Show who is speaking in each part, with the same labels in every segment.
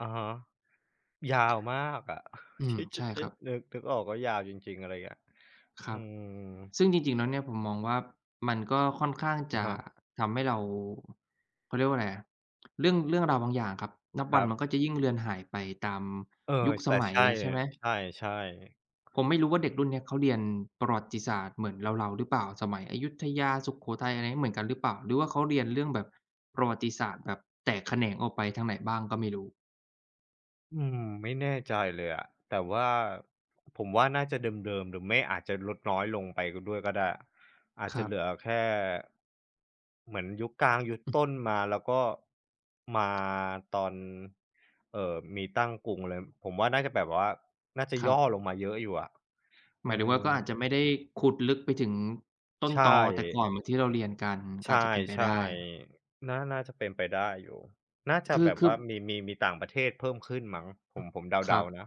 Speaker 1: อะฮะ ยาวมากอะ
Speaker 2: อื
Speaker 1: ท
Speaker 2: ม
Speaker 1: ี่จ
Speaker 2: ใ
Speaker 1: ะ
Speaker 2: ช่
Speaker 1: จ
Speaker 2: ค
Speaker 1: ะ
Speaker 2: รับ
Speaker 1: นึก นึกออก ก็ยาวจริง ๆ อะไรเงี้ย
Speaker 2: คร
Speaker 1: อื
Speaker 2: ับ
Speaker 1: ม
Speaker 2: ซึ่งจริง ๆ แล้วเนี่ย ผมมองว่า มันก็ค่อนข้าง
Speaker 1: อ
Speaker 2: จ
Speaker 1: ะ
Speaker 2: ะ
Speaker 1: ฮะ
Speaker 2: ทำให้เรา เขาเรียกว่าไรอะ เรื่อง เรื่องราวบางอย่างครับ นับ
Speaker 1: ค
Speaker 2: วั
Speaker 1: ร
Speaker 2: น
Speaker 1: ั
Speaker 2: มัน
Speaker 1: บ
Speaker 2: ก็จะยิ่งเรือนหายไปตาม
Speaker 1: เออ
Speaker 2: ยุคส
Speaker 1: แต่
Speaker 2: มั
Speaker 1: ใ
Speaker 2: ย
Speaker 1: ช่
Speaker 2: ใช่ไหม?
Speaker 1: ใช่ ๆ
Speaker 2: ผมไม่รู้ว่า เด็กรุ่นเนี้ยเขาเรียนประวัติศาสตร์เหมือนเรา ๆ หรือเปล่า? สมัยอยุธยา สุโขทัย อะไรงี้ เหมือนกันหรือเปล่า? หรือว่าเขาเรียนเรื่องแบบประวัติศาสตร์แบบแตกแขนงออกไปทางไหนบ้างก็ไม่รู้
Speaker 1: อืม ไม่แน่ใจเลยอะ แต่ว่าผมว่าน่าจะเดิม ๆ หรือไม่ อาจจะลดน้อยลงไปก็ด้วยก็ได้ อาจ
Speaker 2: ค
Speaker 1: จ
Speaker 2: ร
Speaker 1: ะ
Speaker 2: ั
Speaker 1: เหล
Speaker 2: บ
Speaker 1: ือแค่ เหมือนยุคกลาง ยุด
Speaker 2: อื
Speaker 1: ต
Speaker 2: ม
Speaker 1: ้นมา แล้วก็ มาตอน เอ่อ มีตั้งกรุงเลย ผมว่าน่าจะแบบว่า น่าจะ
Speaker 2: ค
Speaker 1: ย
Speaker 2: รับ
Speaker 1: ่อลงมาเยอะอยู่อะ อ
Speaker 2: หมา
Speaker 1: ื
Speaker 2: ยถึงว่า
Speaker 1: ม
Speaker 2: ก็อาจจะไม่ได้ขุดลึกไปถึงต้
Speaker 1: ใ
Speaker 2: น
Speaker 1: ช
Speaker 2: ตอแต่ก
Speaker 1: ่
Speaker 2: ่อนเหมือนที่เราเรียนกัน ก
Speaker 1: ใ
Speaker 2: ็
Speaker 1: ช
Speaker 2: อาจจะเป็นไปไ
Speaker 1: ่
Speaker 2: ด้
Speaker 1: ๆ น่า น่าจะเป็นไปได้อยู่ น่าจะ
Speaker 2: คื
Speaker 1: แ
Speaker 2: อ
Speaker 1: บบ
Speaker 2: คื
Speaker 1: ว
Speaker 2: อ
Speaker 1: ่า
Speaker 2: บ
Speaker 1: มี มี มีต่างประเทศเพิ่มขึ้นมั้ง ผม ผมเ
Speaker 2: ค
Speaker 1: ด
Speaker 2: ร
Speaker 1: า
Speaker 2: ับ
Speaker 1: ๆ นะ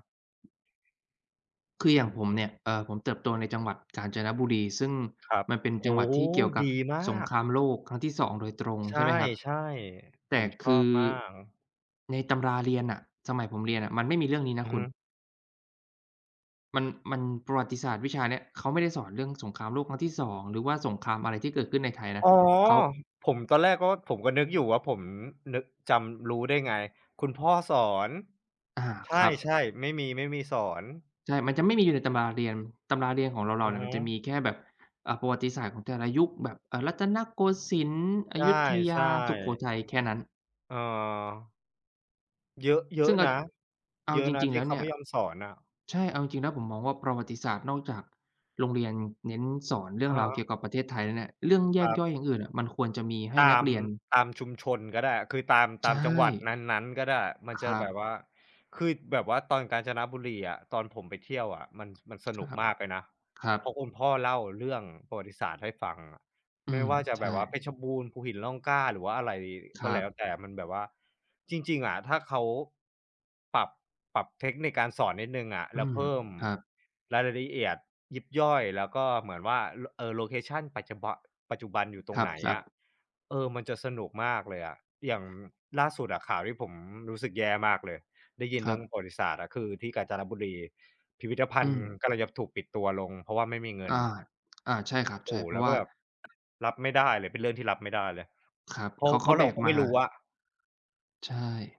Speaker 2: คืออย่
Speaker 1: อ
Speaker 2: าง
Speaker 1: ะ
Speaker 2: ผ
Speaker 1: ฮ
Speaker 2: มเ
Speaker 1: ะ
Speaker 2: นี่ย เอ่อ ผมเติบโตในจังหวัดกาญจนบุรี ซึ่ง
Speaker 1: ครับ
Speaker 2: มันเป็น
Speaker 1: โอ
Speaker 2: จัง
Speaker 1: ้
Speaker 2: หวัด
Speaker 1: โฮ!
Speaker 2: ที่เกี่ยวกั
Speaker 1: ด
Speaker 2: บ
Speaker 1: ีม
Speaker 2: สง
Speaker 1: าก
Speaker 2: ครามโลกครั้งที่ 2 โดยตรง
Speaker 1: ใช
Speaker 2: ใช่ไหมครับ
Speaker 1: ่ ๆ
Speaker 2: แ
Speaker 1: ผ
Speaker 2: ต่
Speaker 1: มช
Speaker 2: ค
Speaker 1: อ
Speaker 2: ื
Speaker 1: บ
Speaker 2: อ
Speaker 1: มาก
Speaker 2: ในตำราเรียนน่ะ สมัยผมเรียนน่ะมันไม่มีเรื่องนี้น
Speaker 1: อ
Speaker 2: ะ
Speaker 1: ื
Speaker 2: ค
Speaker 1: อ
Speaker 2: ุ
Speaker 1: ฮ
Speaker 2: ณ
Speaker 1: ึ
Speaker 2: มัน มัน ประวัติศาสตร์วิชาเนี้ย เขาไม่ได้สอนเรื่องสงครามโลกครั้งที่ 2 หรือว่าสงครามอะไรที่เกิดขึ้นในไทยนะ
Speaker 1: อ๋อ!
Speaker 2: เขา
Speaker 1: ผม ตอนแรกก็ว่า ผมก็นึกอยู่ว่า ผมนึก จำ รู้ได้ไง คุณพ่อสอน
Speaker 2: อา
Speaker 1: ใ
Speaker 2: ครั
Speaker 1: ช
Speaker 2: บ
Speaker 1: ่ ๆ ไม่มี ไม่มีสอน
Speaker 2: ใช่ มันจะไม่มีอยู่ในตำราเรียน ตำราเรียนของเร
Speaker 1: อ
Speaker 2: า
Speaker 1: ื
Speaker 2: ๆ เ
Speaker 1: อ
Speaker 2: นี่ย
Speaker 1: ฮ
Speaker 2: มันจะม
Speaker 1: ึ
Speaker 2: ีแค่แบบ อ่า ประวัติศาสตร์ของแต่ละยุค แบบ อ่า รัตนโกสินทร์ อ
Speaker 1: ใช
Speaker 2: ยุธย
Speaker 1: ่
Speaker 2: า สุโข
Speaker 1: ๆ
Speaker 2: ทัย แค่นั้น
Speaker 1: เออ เยอะ เยอ
Speaker 2: ซึ
Speaker 1: ะ
Speaker 2: ่งอั
Speaker 1: น
Speaker 2: จ
Speaker 1: ะ
Speaker 2: เอา
Speaker 1: เยอะ
Speaker 2: จ
Speaker 1: นะ
Speaker 2: ริง
Speaker 1: ท
Speaker 2: ๆ แ
Speaker 1: ี
Speaker 2: ล
Speaker 1: ่
Speaker 2: ้ว
Speaker 1: เข
Speaker 2: เ
Speaker 1: า
Speaker 2: นี่
Speaker 1: ไม
Speaker 2: ย
Speaker 1: ่ยอมสอนน่ะ
Speaker 2: ใช่ เอาจริง ๆ แล้ว ผมมองว่า ประวัติศาสตร์ นอกจากโรงเรียนเน้นสอนเรื่
Speaker 1: อ
Speaker 2: อ
Speaker 1: ะ
Speaker 2: ง
Speaker 1: ฮ
Speaker 2: ราวเก
Speaker 1: ะ
Speaker 2: ี่ยวกับประเทศไทยแล้วเนี่ย เรื่องแย
Speaker 1: คร
Speaker 2: กย่อ
Speaker 1: ับ
Speaker 2: ยอย่างอื่นน่ะ มันควรจะมีให้
Speaker 1: ต
Speaker 2: น
Speaker 1: า
Speaker 2: ัก
Speaker 1: ม
Speaker 2: เรียน
Speaker 1: ตามชุมชนก็ได้ คือตาม
Speaker 2: ใ
Speaker 1: ต
Speaker 2: ช
Speaker 1: ามจังหวัด
Speaker 2: ่
Speaker 1: นั้น ๆ ก็ได้ มันจ
Speaker 2: ค
Speaker 1: ะ
Speaker 2: รั
Speaker 1: แบ
Speaker 2: บ
Speaker 1: บว่า คือ ด แบบว่าตอนกาญจนบุรีอะ ตอนผมไปเที่ยวอะ มัน ส มันส
Speaker 2: ค
Speaker 1: น
Speaker 2: ร
Speaker 1: ุก
Speaker 2: ับ
Speaker 1: มากเลยนะ
Speaker 2: ครับ
Speaker 1: เพราะคุณพ่อเล่าเรื่องประวัติศาสตร์ให้ฟังอะ
Speaker 2: อื
Speaker 1: ไม่
Speaker 2: ม
Speaker 1: ว่าจะ
Speaker 2: ใช
Speaker 1: แบ
Speaker 2: ่
Speaker 1: บว่าเพชรบูรณ์ ภูหินร่องกล้า หรือว่าอะไร
Speaker 2: ค
Speaker 1: ก็
Speaker 2: รั
Speaker 1: แล้ว
Speaker 2: บ
Speaker 1: แต่ มันแบบว่า จริง ๆ อะ ถ้าเขา ปรับ ปรับเทคนิคการสอนนิดหนึ่งอะ
Speaker 2: อ
Speaker 1: แ
Speaker 2: ื
Speaker 1: ล้ว
Speaker 2: ม
Speaker 1: เพิ่ม
Speaker 2: ครับ
Speaker 1: รายละ ละเอียดยิบย่อย แล้วก็เหมือนว่า โล เอ่อ โลเคชัน ปัจจุบะ ปัจจุบันอยู่ต
Speaker 2: ค
Speaker 1: รง
Speaker 2: รับ
Speaker 1: ไหน
Speaker 2: ซั
Speaker 1: อะ
Speaker 2: บ
Speaker 1: เออ มันจะสนุกมากเลยอะ อย่างล่าสุดอะ ข่าวที่ผมรู้สึกแย่มากเลย ได้ยิน
Speaker 2: ค
Speaker 1: เร
Speaker 2: ร
Speaker 1: ื
Speaker 2: ั
Speaker 1: ่อง
Speaker 2: บ
Speaker 1: ประวัติศาสตร์อะ คือที่กาญจนบุรี พิพิธภั
Speaker 2: อื
Speaker 1: ณฑ์
Speaker 2: ม
Speaker 1: กำลังจะถูกปิดตัวลง เพราะว่าไม่มีเงิ
Speaker 2: อ
Speaker 1: น
Speaker 2: า อา ใช่คร
Speaker 1: โ
Speaker 2: ั
Speaker 1: อ
Speaker 2: บ
Speaker 1: ้โ
Speaker 2: ใ
Speaker 1: ฮ
Speaker 2: ช่ เพร
Speaker 1: แ
Speaker 2: า
Speaker 1: ล้
Speaker 2: ะ
Speaker 1: ว
Speaker 2: ว
Speaker 1: ก็
Speaker 2: ่า
Speaker 1: แบบ รับไม่ได้เลย เป็นเรื่องที่รับไม่ได้เลย
Speaker 2: ครับ
Speaker 1: เพร
Speaker 2: เ
Speaker 1: า
Speaker 2: ข
Speaker 1: ะ
Speaker 2: า เ
Speaker 1: เ
Speaker 2: ข
Speaker 1: พรา
Speaker 2: า
Speaker 1: ะ
Speaker 2: แ
Speaker 1: เ
Speaker 2: บ
Speaker 1: รา
Speaker 2: ก
Speaker 1: ก็
Speaker 2: ม
Speaker 1: ไม
Speaker 2: า
Speaker 1: ่รู้ว่า
Speaker 2: ใช่